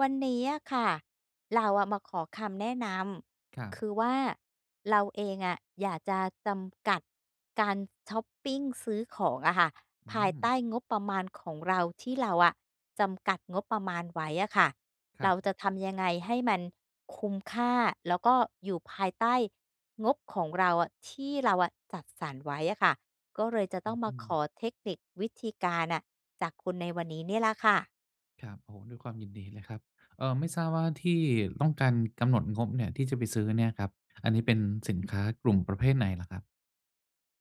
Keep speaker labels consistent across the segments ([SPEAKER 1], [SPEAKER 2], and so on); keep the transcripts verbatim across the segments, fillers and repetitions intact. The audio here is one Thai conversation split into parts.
[SPEAKER 1] วันนี้อะค่ะ เราอะมาขอคำแนะน
[SPEAKER 2] ครั
[SPEAKER 1] ำ ค
[SPEAKER 2] บ
[SPEAKER 1] ือว่าเราเองอะอยากจะจำกัดการชอปปิงซื้อของอะค่ะ
[SPEAKER 2] อ
[SPEAKER 1] ภายใต
[SPEAKER 2] ืม
[SPEAKER 1] ้งบประมาณของเราที่เราอะจำกัดงบประมาณไว้อะค่ะ
[SPEAKER 2] คร
[SPEAKER 1] เ
[SPEAKER 2] ั
[SPEAKER 1] รา
[SPEAKER 2] บ
[SPEAKER 1] จะทำยังไงให้มันคุ้มค่า แล้วก็อยู่ภายใต้งบของเราอะ ที่เราจัดสรรไว้อะค่ะ ก็เลยจะ
[SPEAKER 2] อ
[SPEAKER 1] ต้
[SPEAKER 2] ื
[SPEAKER 1] องมาข
[SPEAKER 2] ม
[SPEAKER 1] อเทคนิควิธีการน่ะ จากคุณในวันนี้เนี่ยแหละค่ะ
[SPEAKER 2] ครับ โอ้โฮ ด้วยความยินดีเลยครับ อ่า ไม่ทราบว่าที่ต้องการกำหนดงบเนี่ย ที่จะไปซื้อเนี่ยครับ อันนี้เป็นสินค้ากลุ่มประเภทไหนเหรอครับ?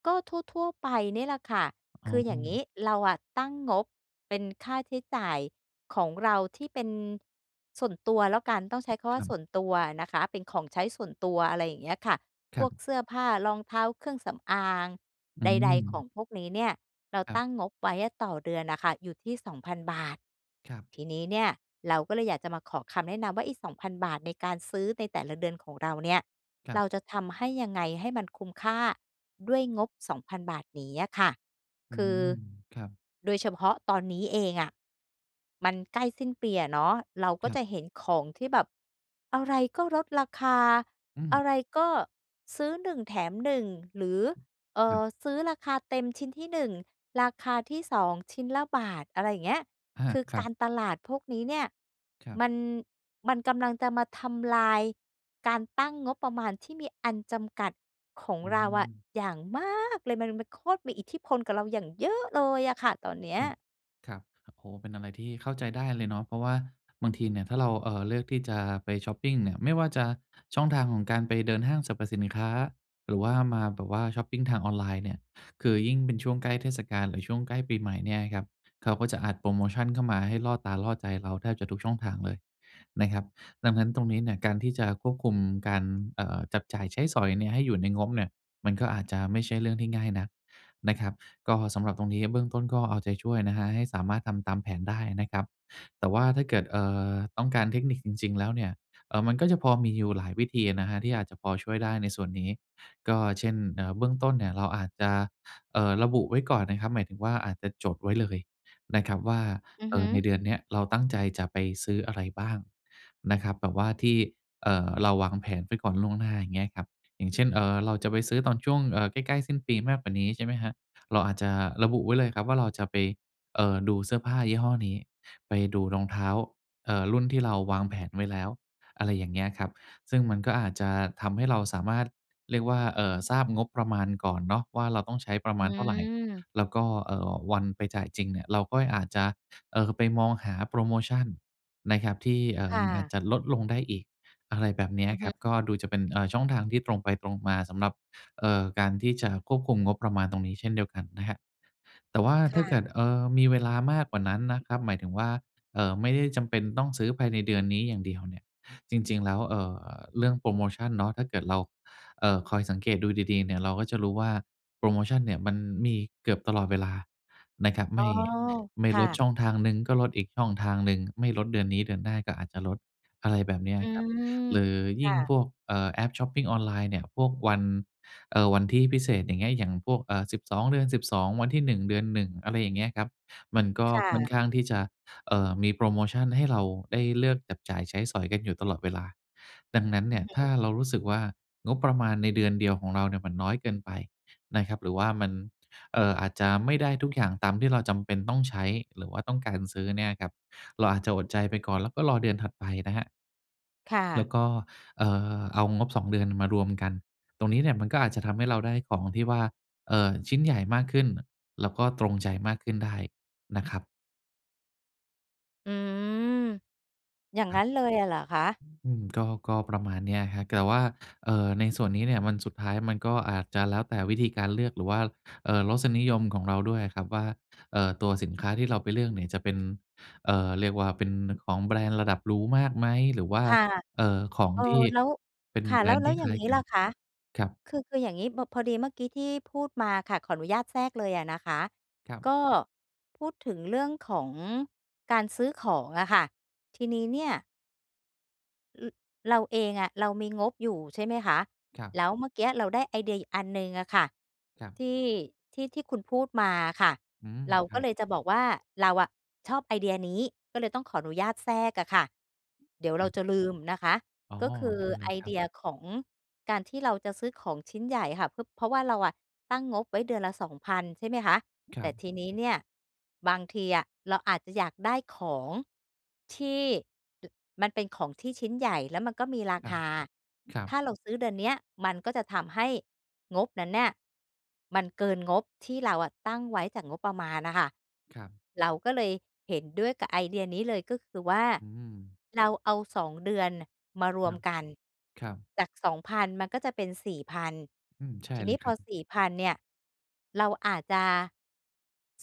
[SPEAKER 1] ก็ทั่ว ๆ ไปนี่แหละค่ะ
[SPEAKER 2] อ๋
[SPEAKER 1] ค
[SPEAKER 2] อ
[SPEAKER 1] ืออย่างนี้เราอะตั้งงบเป็นค่าใช้จ่ายของเราที่เป็นส่วนตัวแล้วกัน ต้องใช้คำว่
[SPEAKER 2] ค
[SPEAKER 1] า
[SPEAKER 2] ร
[SPEAKER 1] ส
[SPEAKER 2] ับ
[SPEAKER 1] ่วนตัวอะนะคะ เป็นของใช้ส่วนตัว อะไรอย่างเงี้ยค่ะ
[SPEAKER 2] ค
[SPEAKER 1] พ
[SPEAKER 2] รั
[SPEAKER 1] วก
[SPEAKER 2] บ
[SPEAKER 1] เสื้อผ้า รองเท้าเครื่องสำอาง
[SPEAKER 2] อื
[SPEAKER 1] ใด ๆ ของ
[SPEAKER 2] ม
[SPEAKER 1] พวกนี้เนี่ยเรา
[SPEAKER 2] ครั
[SPEAKER 1] ต
[SPEAKER 2] บ
[SPEAKER 1] ั้งงบไว้ต่อเดือนน่ะค่ะ อยู่ที่ สองพัน บาท
[SPEAKER 2] ครับ
[SPEAKER 1] ที่นี้เนี่ยเราก็เลยอยากจะมาขอคำแนะนำว่าอีก สองพัน บาทในการซื้อในแต่ละเดือนของเราเนี่ย
[SPEAKER 2] ครั
[SPEAKER 1] เร
[SPEAKER 2] บ
[SPEAKER 1] าจะทำให้ยังไงให้มันคุ้มค่าด้วยงบ สองพัน บาทนี้อะค่ะ
[SPEAKER 2] อื
[SPEAKER 1] คือ
[SPEAKER 2] ม ครับ
[SPEAKER 1] โดยเฉพาะตอนนี้เองอะ มันใกล้สิ้นปีเนาะ เราก
[SPEAKER 2] ค
[SPEAKER 1] ็
[SPEAKER 2] รั
[SPEAKER 1] จ
[SPEAKER 2] บ
[SPEAKER 1] ะเห็นของที่แบบอะไรก็ลดราคา
[SPEAKER 2] อื
[SPEAKER 1] อ
[SPEAKER 2] ม
[SPEAKER 1] ะไรก็ซื้อ หนึ่ง แถม หนึ่ง หรือ เอ่
[SPEAKER 2] อื
[SPEAKER 1] อ
[SPEAKER 2] ม
[SPEAKER 1] ซื้อราคาเต็มชิ้นที่ หนึ่ง ราคาที่ สอง ชิ้นละบาท อะไรอย่างเงี้ย
[SPEAKER 2] อา
[SPEAKER 1] คือ
[SPEAKER 2] คร
[SPEAKER 1] ก
[SPEAKER 2] ั
[SPEAKER 1] า
[SPEAKER 2] บ
[SPEAKER 1] รตลาดพวกนี้เนี่ย
[SPEAKER 2] ครับ
[SPEAKER 1] มัน มันกำลังจะมาทำลายการตั้งงบประมาณที่มีอันจำกัดของ
[SPEAKER 2] อื
[SPEAKER 1] เราอะ
[SPEAKER 2] ม
[SPEAKER 1] อย่างมากเลย มันเลย มันโคตรมีอิทธิพลกับเราอย่างเยอะเลยอะค่ะ ตอนเนี้ย
[SPEAKER 2] ครับ ครับ โอ้ เป็นอะไรที่เข้าใจได้เลยเนาะ เพราะว่าบางทีเนี่ย ถ้าเรา อ่า เลือกที่จะไปชอปปิงเนี่ย ไม่ว่าจะช่องทางของการไปเดินห้างสรรพสินค้า หรือว่ามาแบบว่าชอปปิงทางออนไลน์เนี่ย คือยิ่งเป็นช่วงใกล้เทศกาล หรือช่วงใกล้ปีใหม่เนี่ยครับ เขาก็จะอัดโพรโมชันเข้ามา ให้ล่อตาล่อใจเราแทบจะทุกช่องทางเลยนะครับ ดังนั้นตรงนี้เนี่ย การที่จะควบคุมการ อ่า จับจ่ายใช้สอยเนี่ย ให้อยู่ในงบเนี่ย มันก็อาจจะไม่ใช่เรื่องที่ง่ายนักนะครับ ก็สำหรับตรงนี้เบื้องต้น ก็เอาใจช่วยนะครับ ให้สามารถทำตามแผนได้นะครับ แต่ว่าถ้าเกิด อ่า ต้องการเทคนิคจริง ๆ แล้วเนี่ย อ่า มันก็จะพอมีอยู่หลายวิธีอะนะครับ ที่อาจจะพอช่วยได้ในส่วนนี้ ก็เช่น อ่า เบื้องต้นเนี่ย เราอาจจะ อ่า ระบุไว้ก่อนนะครับ หมายถึงว่าอาจจะจดไว้เลยนะครับว่า
[SPEAKER 1] อือ
[SPEAKER 2] อ
[SPEAKER 1] ฮ
[SPEAKER 2] ่า
[SPEAKER 1] ึ
[SPEAKER 2] ในเดือนเนี้ย เราตั้งใจจะไปซื้ออะไรบ้างนะครับ แบบว่าที่ อ่า เราวางแผนไว้ก่อนล่วงหน้าอย่างเงี้ยครับ อย่างเช่น อ่า เราจะไปซื้อตอนช่วง อ่า ใกล้ ๆ สิ้นปีมากกว่านี้ ใช่ไหมครับ เราอาจจะระบุไว้เลยครับ ว่าเราจะไป อ่า ดูเสื้อผ้ายี่ห้อนี้ ไปดูรองเท้า อ่า รุ่นที่เราวางแผนไว้แล้ว อะไรอย่างเงี้ยครับ ซึ่งมันก็อาจจะทำให้เราสามารถเรียกว่า อ่า ทราบงบประมาณก่อนเนาะ ว่าเราต้องใช้ประ
[SPEAKER 1] อ
[SPEAKER 2] มา
[SPEAKER 1] ื
[SPEAKER 2] ณเท่าไร
[SPEAKER 1] ม
[SPEAKER 2] แล้วก็ อ่า วันไปจ่ายจริงเนี่ย เราก็อาจจะ อ่า ไปมองหาโพรโมชันนะครับ ที่ อ่
[SPEAKER 1] ค
[SPEAKER 2] า
[SPEAKER 1] ่
[SPEAKER 2] อา
[SPEAKER 1] ะ
[SPEAKER 2] จจะลดลงได้อีก อะไรแบบเนี้
[SPEAKER 1] อ
[SPEAKER 2] ย
[SPEAKER 1] ือ
[SPEAKER 2] ค
[SPEAKER 1] ฮ
[SPEAKER 2] รับ
[SPEAKER 1] ึ
[SPEAKER 2] ก็ดูจะเป็น อ่า ช่องทางที่ตรงไปตรงมาสำหรับ อ่า การที่จะควบคุมงบประมาณตรงนี้ เช่นเดียวกันนะครับ แต่ว่า
[SPEAKER 1] ค
[SPEAKER 2] ถ้
[SPEAKER 1] ่
[SPEAKER 2] าเก
[SPEAKER 1] ะ
[SPEAKER 2] ิด อ่า มีเวลามากกว่านั้นนะครับ หมายถึงว่า อ่า ไม่ได้จำเป็นต้องซื้อภายในเดือนนี้อย่างเดียวเนี่ย จริง ๆ แล้ว อ่า เรื่องโพรโมชันเนาะ ถ้าเกิดเรา อ่า คอยสังเกตดูดี ๆ เนี่ย เราก็จะรู้ว่าโพรโมชันเนี่ย มันมีเกือบตลอดเวลานะครับ ไ
[SPEAKER 1] อ๋
[SPEAKER 2] ม
[SPEAKER 1] อ
[SPEAKER 2] ่ ไม่
[SPEAKER 1] ค่
[SPEAKER 2] ลด
[SPEAKER 1] ะ
[SPEAKER 2] ช่องทางหนึ่ง ก็ลดอีกช่องทางหนึ่ง ไม่ลดเดือนนี้เดือนหน้าก็อาจจะลด อะไรแบบเนี้ย
[SPEAKER 1] อื
[SPEAKER 2] ครับ
[SPEAKER 1] ม
[SPEAKER 2] หรือ
[SPEAKER 1] ค
[SPEAKER 2] ยิ
[SPEAKER 1] ่
[SPEAKER 2] ่ง
[SPEAKER 1] ะ
[SPEAKER 2] พวก อ่า แอปชอปปิงออนไลน์เนี่ย พวกวัน อ่า วันที่พิเศษ อย่างเงี้ย อย่างพวก อ่า สิบสอง เดือน สิบสอง วันที่ หนึ่ง เดือน หนึ่ง อะไรอย่างเงี้ยครับ มันก็
[SPEAKER 1] ค่
[SPEAKER 2] ค่อ
[SPEAKER 1] ะ
[SPEAKER 2] นข้างที่จะ อ่า มีโพรโมชันให้เราได้เลือกจับจ่ายใช้สอยกันอยู่ตลอดเวลา ดังนั้น
[SPEAKER 1] อ
[SPEAKER 2] เ
[SPEAKER 1] ื
[SPEAKER 2] นี
[SPEAKER 1] อ
[SPEAKER 2] ่ย
[SPEAKER 1] ฮ
[SPEAKER 2] ถ้
[SPEAKER 1] ึ
[SPEAKER 2] าเรารู้สึกว่า งบประมาณในเดือนเดียวของเราเนี่ย มันน้อยเกินไปนะครับ หรือว่ามัน อ่า อาจจะไม่ได้ทุกอย่าง ตามที่เราจำเป็นต้องใช้หรือว่าต้องการซื้อเนี่ยครับ เราอาจจะอดใจไปก่อน แล้วก็รอเดือนถัดไปนะครับ
[SPEAKER 1] ค่
[SPEAKER 2] แล้
[SPEAKER 1] ะ
[SPEAKER 2] วก็ อ่า เอางบ สอง เดือนน่ะมารวมกัน ตรงนี้เนี่ยมันก็อาจจะทำให้เราได้ของที่ว่า อ่า ชิ้นใหญ่มากขึ้น แล้วก็ตรงใจมากขึ้นได้นะครับ
[SPEAKER 1] อืม อย่าง
[SPEAKER 2] คร
[SPEAKER 1] ง
[SPEAKER 2] ั
[SPEAKER 1] ั
[SPEAKER 2] บ
[SPEAKER 1] ้นเล
[SPEAKER 2] อ
[SPEAKER 1] ยอะเหรอคะ?
[SPEAKER 2] ือ อืม ก็ ก็ประมาณเนี้ยครับ แต่ว่า เอ่อ ในส่วนนี้เนี่ย มัน สุดท้ายมันก็อาจจะแล้วแต่วิธีการเลือก หรือว่า เอ่อ รสนิยมของเราด้วยอะครับว่า เอ่อ ตัวสินค้าที่เราไปเลือกเนี่ยจะเป็น เอ่อ เรียกว่าเป็นของแบรนด์ระดับหรูมากไหม หรือว่า
[SPEAKER 1] ค่ะ
[SPEAKER 2] เอ่อ ของ
[SPEAKER 1] เอ่อ
[SPEAKER 2] ที่
[SPEAKER 1] แล้ว
[SPEAKER 2] เป็น
[SPEAKER 1] ค่ะ
[SPEAKER 2] แบ
[SPEAKER 1] แ
[SPEAKER 2] ร
[SPEAKER 1] ล้ว
[SPEAKER 2] นด์
[SPEAKER 1] แล
[SPEAKER 2] ท
[SPEAKER 1] ้
[SPEAKER 2] ี
[SPEAKER 1] ว
[SPEAKER 2] ่
[SPEAKER 1] อย
[SPEAKER 2] ค
[SPEAKER 1] ่า
[SPEAKER 2] ล
[SPEAKER 1] ง
[SPEAKER 2] ้าย
[SPEAKER 1] งี้
[SPEAKER 2] กั
[SPEAKER 1] ล
[SPEAKER 2] น
[SPEAKER 1] ่ะคะ
[SPEAKER 2] ครับ
[SPEAKER 1] คือ คืออย่างงี้ บ พอดีเมื่อกี้ที่พูดมาค่ะ ขออนุญาตแทรกเลยอะนะคะ
[SPEAKER 2] ครับ
[SPEAKER 1] ก็พูดถึงเรื่องของการซื้อของอะค่ะ ทีนี้เนี่ย ร เราเองอะ เรามีงบอยู่ใช่ไหมคะ
[SPEAKER 2] ครับ
[SPEAKER 1] แล้วเมื่อกี้เราได้ไอเดียอีกอันหนึ่งอะค่ะ
[SPEAKER 2] ครับ
[SPEAKER 1] ที่ ที่ ที่คุณพูดมาอะค่ะ
[SPEAKER 2] อืม
[SPEAKER 1] เรา
[SPEAKER 2] ค
[SPEAKER 1] ก
[SPEAKER 2] ร
[SPEAKER 1] ็
[SPEAKER 2] ับ
[SPEAKER 1] เลยจะบอกว่าเราอะชอบไอเดียนี้ ก็เลยต้องขออนุญาตแทรกอะค่ะ เดี๋ยวเ
[SPEAKER 2] ค
[SPEAKER 1] ร
[SPEAKER 2] ร
[SPEAKER 1] า
[SPEAKER 2] ับ
[SPEAKER 1] จะลืมนะคะ
[SPEAKER 2] อ๋อ
[SPEAKER 1] ก็คือ
[SPEAKER 2] ได้เล
[SPEAKER 1] ไอ
[SPEAKER 2] ยค
[SPEAKER 1] เ
[SPEAKER 2] ร
[SPEAKER 1] ด
[SPEAKER 2] ับ
[SPEAKER 1] ียของการที่เราจะซื้อของชิ้นใหญ่อะค่ะ พ เพราะว่าเราอะตั้งงบไว้เดือนละ สองพัน ใช่ไหมคะ
[SPEAKER 2] ค
[SPEAKER 1] แ
[SPEAKER 2] ร
[SPEAKER 1] ต
[SPEAKER 2] ั
[SPEAKER 1] ่
[SPEAKER 2] บ
[SPEAKER 1] ทีนี้เนี่ยบางทีอะเราอาจจะอยากได้ของที่ ด มันเป็นของที่ชิ้นใหญ่แล้วมันก็มีรา
[SPEAKER 2] ครั
[SPEAKER 1] ค
[SPEAKER 2] บ
[SPEAKER 1] า
[SPEAKER 2] ครั
[SPEAKER 1] ถ้
[SPEAKER 2] บ
[SPEAKER 1] าเราซื้อเดือนเนี้ยมันก็จะทำให้งบนั้นเนี่ยมันเกินงบที่เราอะตั้งไว้จากงบประมาณน่ะค่ะ
[SPEAKER 2] ครับ
[SPEAKER 1] เราก็เลยเห็นด้วยกับไอเดียนี้เลย ก็คือว่า
[SPEAKER 2] อืม
[SPEAKER 1] เราเอา สอง เดือนน่ะมาร
[SPEAKER 2] ค
[SPEAKER 1] ว
[SPEAKER 2] รั
[SPEAKER 1] ม
[SPEAKER 2] บ
[SPEAKER 1] กัน
[SPEAKER 2] ครับ
[SPEAKER 1] จาก สองพัน มันก็จะเป็น สี่พัน
[SPEAKER 2] อืม ใช่
[SPEAKER 1] ทีน
[SPEAKER 2] เล
[SPEAKER 1] ี้
[SPEAKER 2] ย
[SPEAKER 1] พ
[SPEAKER 2] ครั
[SPEAKER 1] อ
[SPEAKER 2] บ
[SPEAKER 1] สี่พัน เนี่ยเราอาจจะ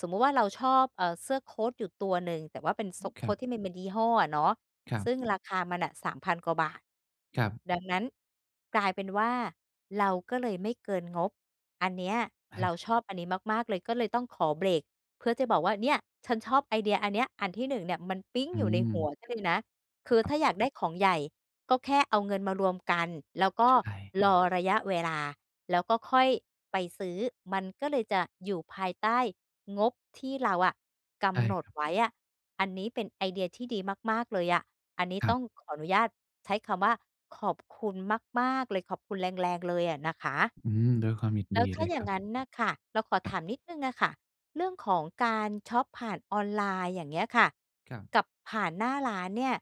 [SPEAKER 1] สมมุติว่าเราชอบ เอ่อ เสื้อโคตอยู่ตัวหนึ่ง แต่ว่าเป็นโซ
[SPEAKER 2] อือ
[SPEAKER 1] ะ โ
[SPEAKER 2] ค
[SPEAKER 1] ค
[SPEAKER 2] รั
[SPEAKER 1] ต
[SPEAKER 2] บ
[SPEAKER 1] ที่มันมียี่ห้ออะเนาะ
[SPEAKER 2] ครับ
[SPEAKER 1] ซึ่งราคามันน่ะ สามพัน กว่าบาท
[SPEAKER 2] ครับ
[SPEAKER 1] ดังนั้นกลายเป็นว่าเราก็เลยไม่เกินงบ อันเนี้ย
[SPEAKER 2] อ
[SPEAKER 1] เรา
[SPEAKER 2] า
[SPEAKER 1] ชอบอันนี้มาก ๆ เลย ก็เลยต้องขอเบรกเพื่อจะบอกว่า "เนี่ย ฉันชอบไอเดียอันเนี้ย อันที่ หนึ่ง เนี่ยมันปิ๊ง
[SPEAKER 2] อื
[SPEAKER 1] อยู่ในหัว
[SPEAKER 2] ม
[SPEAKER 1] ฉันเลยนะ" คือ
[SPEAKER 2] คร
[SPEAKER 1] ถ
[SPEAKER 2] ั
[SPEAKER 1] ้
[SPEAKER 2] บ
[SPEAKER 1] าอยากได้ของใหญ่ก็แค่เอาเงินมารวมกัน แล้วก
[SPEAKER 2] ใ
[SPEAKER 1] ็
[SPEAKER 2] ช่
[SPEAKER 1] รอระยะเวลา แล้วก็ค่อยไปซื้อ มันก็เลยจะอยู่ภายใต้งบที่เราอะก
[SPEAKER 2] ใช่
[SPEAKER 1] ำหน
[SPEAKER 2] ค
[SPEAKER 1] ด
[SPEAKER 2] รับ
[SPEAKER 1] ไว้อะ อันนี้เป็นไอเดียที่ดีมาก ๆ เลยอะ อันนี้
[SPEAKER 2] ครั
[SPEAKER 1] ต้
[SPEAKER 2] บ
[SPEAKER 1] องขออนุญาตใช้คำว่า ขอบคุณมาก ๆ เลย ขอบคุณแรง ๆ เลย อะนะคะ
[SPEAKER 2] อืม ด้วยความยิน
[SPEAKER 1] แล
[SPEAKER 2] ด
[SPEAKER 1] ้
[SPEAKER 2] ี
[SPEAKER 1] วถ้
[SPEAKER 2] เล
[SPEAKER 1] า
[SPEAKER 2] ย
[SPEAKER 1] อย่
[SPEAKER 2] ค
[SPEAKER 1] า
[SPEAKER 2] รั
[SPEAKER 1] ง
[SPEAKER 2] บ
[SPEAKER 1] งั้นน่ะค่ะ เราขอ
[SPEAKER 2] ค
[SPEAKER 1] ถ
[SPEAKER 2] รับ
[SPEAKER 1] ามนิดหนึ่งอะค่ะ เรื่องของการช็อปผ่านออนไลน์ อย่างเงี้ยค่ะ
[SPEAKER 2] ครับ
[SPEAKER 1] กับผ่านหน้าร้านเนี่ย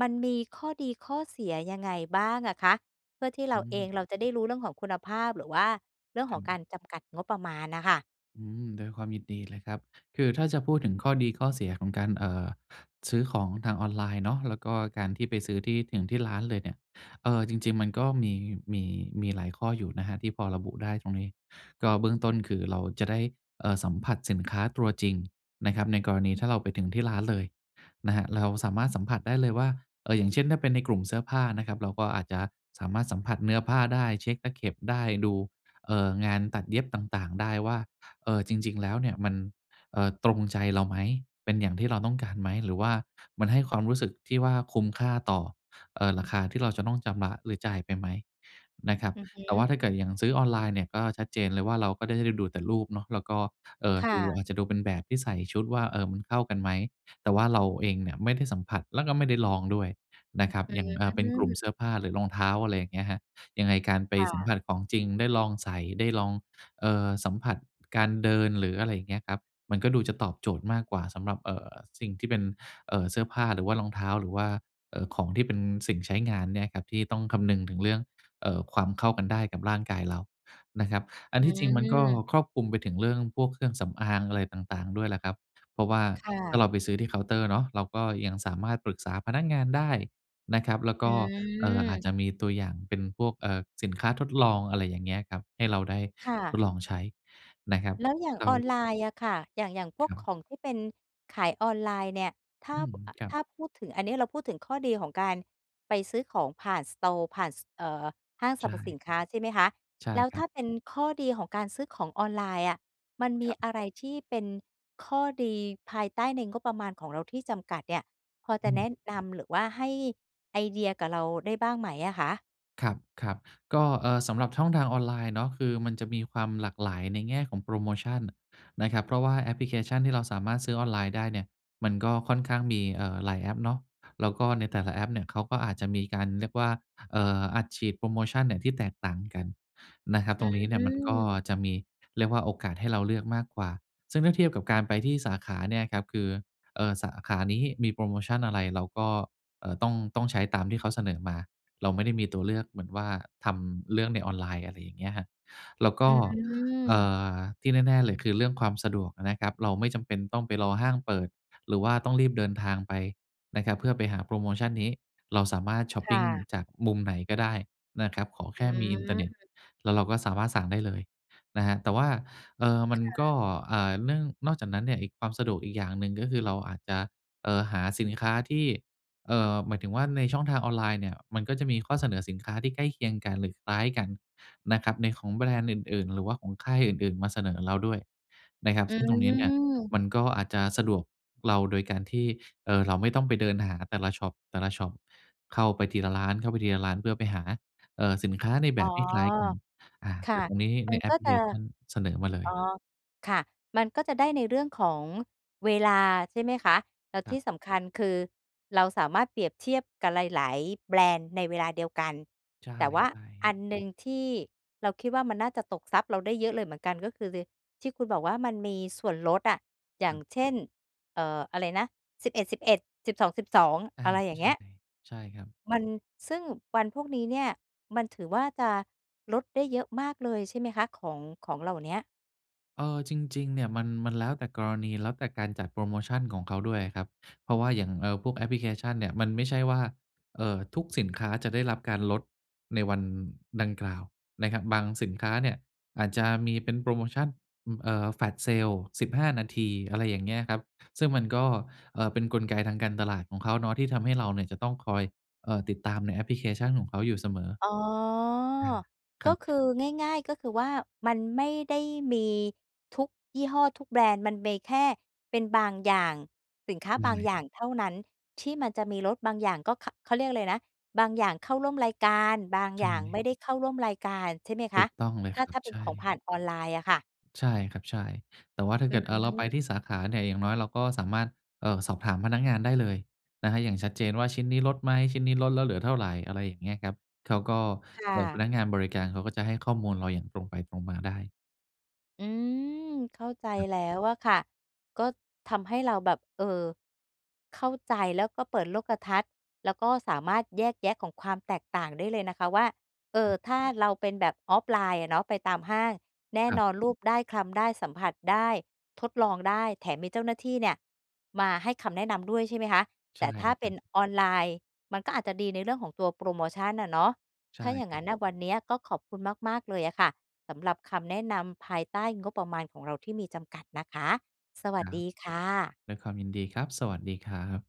[SPEAKER 1] มันมีข้อดี ข้อเสีย ยังไงบ้างอะคะ? เพื่อที่เร
[SPEAKER 2] อื
[SPEAKER 1] าเอ
[SPEAKER 2] ม
[SPEAKER 1] งเราจะได้รู้เรื่องของคุณภาพ หรือว่าเรื่อง
[SPEAKER 2] ค
[SPEAKER 1] ข
[SPEAKER 2] ร
[SPEAKER 1] องก
[SPEAKER 2] ับ
[SPEAKER 1] ารจำกัดงบประมาณน่ะค่ะ
[SPEAKER 2] อืม ด้วยความยินดีเลยครับ คือถ้าจะพูดถึงข้อดี ข้อเสีย ของการ เอ่อ ซื้อของทางออนไลน์เนาะ แล้วก็การที่ไปซื้อที่ถึงที่ร้านเลยเนี่ย เออ จริง ๆ มันก็มี มี มีหลายข้ออยู่นะครับที่พอระบุได้ตรงนี้ ก็เบื้องต้นคือเราจะได้ เอ่อ สัมผัสสินค้าตัวจริงนะครับ ในกรณีถ้าเราไปถึงที่ร้านเลยนะครับ เราสามารถสัมผัสได้เลยว่า เอ่อ อย่างเช่น ถ้าเป็นในกลุ่มเสื้อผ้านะครับ เราก็อาจจะสามารถสัมผัสเนื้อผ้าได้ เช็กตะเข็บได้ ดู เอ่อ งานตัดเย็บต่าง ๆ ได้ว่า เออ จริง ๆ แล้วเนี้ยมัน เออ ตรงใจเราไหม เป็นอย่างที่เราต้องการไหม หรือว่ามันให้ความรู้สึกที่ว่าคุ้มค่าต่อ เอ่อ ราคาที่เราจะต้องจำระ หรือจ่ายไปไหมนะครับ
[SPEAKER 1] อือฮึ
[SPEAKER 2] แต่ว่าถ้าเกิดอย่างซื้อออนไลน์เนี่ยก็ชัดเจนเลยว่าเราก็ได้ดูแต่รูปเนาะ แล้วก็ เอ่อ
[SPEAKER 1] ค่
[SPEAKER 2] ดู
[SPEAKER 1] ะ
[SPEAKER 2] อาจจะดูเป็นแบบที่ใส่ชุดว่า เอ่อ มันเข้ากันไหม แต่ว่าเราเองเนี้ยไม่ได้สัมผัส แล้วก็ไม่ได้ลองด้วยนะครับ
[SPEAKER 1] อื
[SPEAKER 2] อย่าง เออ เป็นกลุ่มเ
[SPEAKER 1] ม
[SPEAKER 2] สื้อผ้า หรือรองเท้า อะไรอย่างเงี้ยครับ ยังไงการไป
[SPEAKER 1] ค่
[SPEAKER 2] สัม
[SPEAKER 1] ะ
[SPEAKER 2] ผัสของจริง ได้ลองใส่ ได้ลอง เอ่อ สัมผัสการเดิน หรืออะไรอย่างเงี้ยครับ มันก็ดูจะตอบโจทย์มากกว่าสำหรับ เอ่อ สิ่งที่เป็น เอ่อ เสื้อผ้า หรือว่ารองเท้า หรือว่า เอ่อ ของที่เป็นสิ่งใช้งานเนี่ยครับ ที่ต้องคำนึงถึงเรื่อง เอ่อ ความเข้ากันได้กับร่างกายเรานะครับ อั
[SPEAKER 1] อ
[SPEAKER 2] น
[SPEAKER 1] ื
[SPEAKER 2] ที่จริงมันก็
[SPEAKER 1] ม
[SPEAKER 2] ครอบคลุมไปถึงเรื่องพวกเครื่องสำอาง อะไรต่าง ๆ ด้วยแหละครับ เพราะว่า
[SPEAKER 1] ค่
[SPEAKER 2] ถ้
[SPEAKER 1] ะ
[SPEAKER 2] าเราไปซื้อที่เคาน์เตอร์เนาะ เราก็ยังสามารถปรึกษาพนักงานได้นะครับ แล้ว
[SPEAKER 1] อ
[SPEAKER 2] ก็ เอ่อ อาจ
[SPEAKER 1] ืม
[SPEAKER 2] จะมีตัวอย่างเป็นพวก เอ่อ สินค้าทดลอง อะไรอย่างเงี้ยครับ ให้เราได้
[SPEAKER 1] ค่
[SPEAKER 2] ท
[SPEAKER 1] ะ
[SPEAKER 2] ดลองใช้นะครับ
[SPEAKER 1] แล้วอย่าง
[SPEAKER 2] แล้
[SPEAKER 1] อ
[SPEAKER 2] ว
[SPEAKER 1] อนไลน์อะค่ะ อย่าง อย่างพ
[SPEAKER 2] ค
[SPEAKER 1] วก
[SPEAKER 2] รับ
[SPEAKER 1] ของที่เป็นขายออนไลน์เนี่ย ถ้า
[SPEAKER 2] อืม
[SPEAKER 1] อ
[SPEAKER 2] ครั
[SPEAKER 1] ถ
[SPEAKER 2] บ
[SPEAKER 1] ้าพูดถึง อันนี้เราพูดถึงข้อดีของการไปซื้อของผ่าน สตอร์ ผ่าน ส เอ่อ ห้างส
[SPEAKER 2] ใ
[SPEAKER 1] ร
[SPEAKER 2] ช
[SPEAKER 1] รพสิ
[SPEAKER 2] ่
[SPEAKER 1] นค้า ใช่ไหมคะ
[SPEAKER 2] ใช่
[SPEAKER 1] แล้ว
[SPEAKER 2] คร
[SPEAKER 1] ถ
[SPEAKER 2] ั
[SPEAKER 1] ้
[SPEAKER 2] บ
[SPEAKER 1] าเป็นข้อดีของการซื้อของออนไลน์อะ มันมี
[SPEAKER 2] ครับ
[SPEAKER 1] อะไรที่เป็นข้อดีภายใต้ในงบประมาณของเราที่จำกัดเนี่ย พอจ
[SPEAKER 2] อื
[SPEAKER 1] ะแน
[SPEAKER 2] ม
[SPEAKER 1] ะนำหรือว่าให้ไอเดียกับเราได้บ้างไหมอะคะ?
[SPEAKER 2] ครับ ครับ ก็ เออ สำหรับช่องทางออนไลน์เนาะ คือมันจะมีความหลากหลายในแง่ของโพรโมชันนะครับ เพราะว่าแอปพลิเคชันที่เราสามารถซื้อออนไลน์ได้เนี่ยมันก็ค่อนข้างมี เอ่อ หลายแอปเนาะ แล้วก็ในแต่ละแอปเนี่ยเขาก็อาจจะมีการเรียกว่า เอ่อ อัดฉีดโพรโมชันเนี่ยที่แตกต่างกันนะครับ
[SPEAKER 1] อ
[SPEAKER 2] ต
[SPEAKER 1] ื
[SPEAKER 2] รงนี้เนี่ยมันก็
[SPEAKER 1] ม
[SPEAKER 2] จะมี เรียกว่าโอกาสให้เราเลือกมากกว่า ซึ่งถ้าเทียบกับการไปที่สาขาเนี่ยครับ คือ เอ่อ สาขานี้มีโพรโมชันอะไร เราก็ เอ่อ ต้อง ต้องใช้ตามที่เขาเสนอมา เราไม่ได้มีตัวเลือก เหมือนว่าทำเรื่องในออนไลน์ อะไรอย่างเงี้ยครับ แล้วก
[SPEAKER 1] อ
[SPEAKER 2] ็ เอ่
[SPEAKER 1] ืม
[SPEAKER 2] อ ที่แน่ ๆ เลย คือเรื่องความสะดวกอะนะครับ เราไม่จำเป็นต้องไปรอห้างเปิด หรือว่าต้องรีบเดินทางไปนะครับเพื่อไปหาโพรโมชันนี้ เราสามารถช็อป
[SPEAKER 1] ค
[SPEAKER 2] ป
[SPEAKER 1] ่
[SPEAKER 2] ิง
[SPEAKER 1] ะ
[SPEAKER 2] จากมุมไหนก็ได้นะครับขอแ
[SPEAKER 1] อ
[SPEAKER 2] ค
[SPEAKER 1] ื
[SPEAKER 2] ่มีอินเทอร์เน็ต
[SPEAKER 1] ม
[SPEAKER 2] แล้วเราก็สามารถสั่งได้เลยนะครับ แต่ว่า เอ่อ มั
[SPEAKER 1] ค
[SPEAKER 2] น
[SPEAKER 1] ่
[SPEAKER 2] ก็
[SPEAKER 1] ะ
[SPEAKER 2] อ่า เนื่อง นอกจากนั้นเนี่ย อีก ความสะดวกอีกอย่างหนึ่งก็คือเราอาจจะ เอ่อ หาสินค้าที่ เอ่อ หมายถึงว่าในช่องทางออนไลน์เนี่ยมันก็จะมีข้อเสนอสินค้าที่ใกล้เคียงกันหรือคล้ายกันนะครับ ในของแบรนด์อื่น ๆ หรือว่าของค่ายอื่น ๆ มาเสนอเราด้วยนะครับ
[SPEAKER 1] อ
[SPEAKER 2] ซึ่งตรงนี้เนี่ย
[SPEAKER 1] ืม
[SPEAKER 2] มันก็อาจจะสะดวกเราโดยการที่ เอ่อ เราไม่ต้องไปเดินหาแต่ละช็อป แต่ละช็อป เข้าไปทีละร้าน เข้าไปทีละร้าน เพื่อไปหา เอ่อ สินค้าในแ
[SPEAKER 1] อ
[SPEAKER 2] บ
[SPEAKER 1] ๋อ
[SPEAKER 2] บคล้ายกัน อา
[SPEAKER 1] ค
[SPEAKER 2] แต
[SPEAKER 1] ่
[SPEAKER 2] ่
[SPEAKER 1] ะ
[SPEAKER 2] ตรงนี้
[SPEAKER 1] ม
[SPEAKER 2] ใ
[SPEAKER 1] ั
[SPEAKER 2] น
[SPEAKER 1] น
[SPEAKER 2] แอ
[SPEAKER 1] ก
[SPEAKER 2] ป
[SPEAKER 1] ็
[SPEAKER 2] พลิ
[SPEAKER 1] จ
[SPEAKER 2] เค
[SPEAKER 1] ะ
[SPEAKER 2] ชันเสนอมาเล
[SPEAKER 1] อ๋อ
[SPEAKER 2] ย
[SPEAKER 1] ค่ะ มันก็จะได้ในเรื่องของเวลาใช่ไหมคะ แล้ว
[SPEAKER 2] ค
[SPEAKER 1] ท
[SPEAKER 2] ร
[SPEAKER 1] ี
[SPEAKER 2] ั
[SPEAKER 1] ่
[SPEAKER 2] บ
[SPEAKER 1] สำคัญคือเราสามารถเปรียบเทียบกับหลาย ๆ แบรนด์ในเวลาเดียวกัน
[SPEAKER 2] ใ
[SPEAKER 1] แต่ว่า
[SPEAKER 2] ช่
[SPEAKER 1] อั
[SPEAKER 2] ๆ
[SPEAKER 1] นหนึ่งที่เราคิดว่ามันน่าจะตกทรัพย์เราได้เยอะเลยเหมือนกัน ก็คือ ล ที่คุณบอกว่ามันมีส่วนลดอะ อย่
[SPEAKER 2] ค
[SPEAKER 1] า
[SPEAKER 2] ร
[SPEAKER 1] ง
[SPEAKER 2] ับ
[SPEAKER 1] เช่น เอ่อ อะไรนะ สิบเอ็ดสิบเอ็ด สิบสองสิบสอง
[SPEAKER 2] อา
[SPEAKER 1] อะไรอย่าง
[SPEAKER 2] ใช
[SPEAKER 1] เ
[SPEAKER 2] ่
[SPEAKER 1] งี้ย
[SPEAKER 2] ใช่ครับ
[SPEAKER 1] มัน ซึ่งวันพวกนี้เนี่ยมันถือว่าจะลดได้เยอะมากเลยใช่ไหมคะ ของ ของเหล่าเนี้ย
[SPEAKER 2] เออ จริง ๆ เนี่ยมัน มันแล้วแต่กรณี แล้วแต่การจัดโพรโมชันของเขาด้วยอะครับ เพราะว่าอย่าง เออ พวกแอปพลิเคชันเนี่ย มันไม่ใช่ว่า เอ่อ ทุกสินค้าจะได้รับการลดในวันดังกล่าวนะครับ บางสินค้าเนี่ยอาจจะมีเป็นโพรโมชั่น อ เอ่อ Flash Sale สิบห้า นาที อะไรอย่างเงี้ยครับ ซึ่งมันก็ เออ เป็นกลไกทางการตลาดของเขาเนาะ ที่ทำให้เราเนี่ยจะต้องคอย เอ่อ ติดตามในแอปพลิเคชันของเขาอยู่เสมอ
[SPEAKER 1] อ๋อ
[SPEAKER 2] อา ค
[SPEAKER 1] ก
[SPEAKER 2] ร
[SPEAKER 1] ็
[SPEAKER 2] ั
[SPEAKER 1] คื
[SPEAKER 2] บ
[SPEAKER 1] อ ง่าย ๆ ก็คือว่า มันไม่ได้มีทุกยี่ห้อ ทุกแบรนด์ มันมีแค่เป็นบางอย่าง สินค้า
[SPEAKER 2] ใช
[SPEAKER 1] บาง
[SPEAKER 2] ่
[SPEAKER 1] อย่างเท่านั้น ที่มันจะมีลดบางอย่าง ก็ ข เขาเรียกอะไรนะ บางอย่างเข้าร่วมรายการ บาง
[SPEAKER 2] ใช
[SPEAKER 1] อย่าง ไม่
[SPEAKER 2] ่
[SPEAKER 1] ได้เข้าร่วมรายการใช่ไหมค
[SPEAKER 2] ถู
[SPEAKER 1] ะ
[SPEAKER 2] กต้องเล
[SPEAKER 1] ถ
[SPEAKER 2] ย
[SPEAKER 1] ้า
[SPEAKER 2] ครั
[SPEAKER 1] ถ้
[SPEAKER 2] บ
[SPEAKER 1] าเป็
[SPEAKER 2] ใช
[SPEAKER 1] นของผ
[SPEAKER 2] ่
[SPEAKER 1] ่านออนไลน์อะค่ะ?
[SPEAKER 2] ใช่ครับ ใช่ แต่ว่าถ้า
[SPEAKER 1] อ
[SPEAKER 2] เ
[SPEAKER 1] ื
[SPEAKER 2] กิด อา เราไป
[SPEAKER 1] ม
[SPEAKER 2] ที่สาขาเนี่ย อย่างน้อยเราก็สามารถ เอ่อ สอบถามพนักงานได้เลยนะครับอย่างชัดเจนว่าชิ้นนี้ลดไหม? ชิ้นนี้ลดแล้วเหลือเท่าไร? อะไรอย่างเงี้ยครับ เขาก็
[SPEAKER 1] ค่
[SPEAKER 2] เออ พ
[SPEAKER 1] ะ
[SPEAKER 2] นักงานบริการเขาก็จะให้ข้อมูลเราอย่างตรงไปตรงมาได้
[SPEAKER 1] อืม เข้าใจ
[SPEAKER 2] ครับ
[SPEAKER 1] แล้วอะค่ะ ก็ทำให้เราแบบ เออ เข้าใจแล้วก็เปิดโลกทัศน์ แล้วก็สามารถแยกแยะของความแตกต่างได้เลยนะคะว่า เอ่
[SPEAKER 2] คร
[SPEAKER 1] อ
[SPEAKER 2] ับ
[SPEAKER 1] ถ้าเราเป็นแบบ offline อะเนาะ ไปตามห้าง แน่
[SPEAKER 2] ครั
[SPEAKER 1] น
[SPEAKER 2] บ
[SPEAKER 1] อนลูบได้ คลำได้ สัมผัสได้ ทดลองได้ แถมมีเจ้าหน้าที่เนี่ยมาให้คำแนะนำด้วยใช่ไหมคะ
[SPEAKER 2] ใ
[SPEAKER 1] แ
[SPEAKER 2] ช
[SPEAKER 1] ต
[SPEAKER 2] ่
[SPEAKER 1] ่ถ้
[SPEAKER 2] เ
[SPEAKER 1] า
[SPEAKER 2] ลย
[SPEAKER 1] เป
[SPEAKER 2] ค
[SPEAKER 1] ็
[SPEAKER 2] รั
[SPEAKER 1] น
[SPEAKER 2] บ
[SPEAKER 1] ออนไลน์ มันก็อาจจะดีในเรื่องของตัวโพรโมชั่นอะเนาะ
[SPEAKER 2] ใช
[SPEAKER 1] ถ
[SPEAKER 2] ่
[SPEAKER 1] ้าอย่าง
[SPEAKER 2] คร
[SPEAKER 1] งั
[SPEAKER 2] ับ
[SPEAKER 1] ้นน่ะวันนี้ก็ขอบคุณมาก ๆ เลยอะค่ะ สำหรับคำแนะนำภายใต้งบประมาณของเราที่มีจำกัดนะคะ สวั
[SPEAKER 2] ค
[SPEAKER 1] ส
[SPEAKER 2] รั
[SPEAKER 1] ด
[SPEAKER 2] บ
[SPEAKER 1] ีค่ะ
[SPEAKER 2] ด้วยความยินดีครับ สวัสดีครับ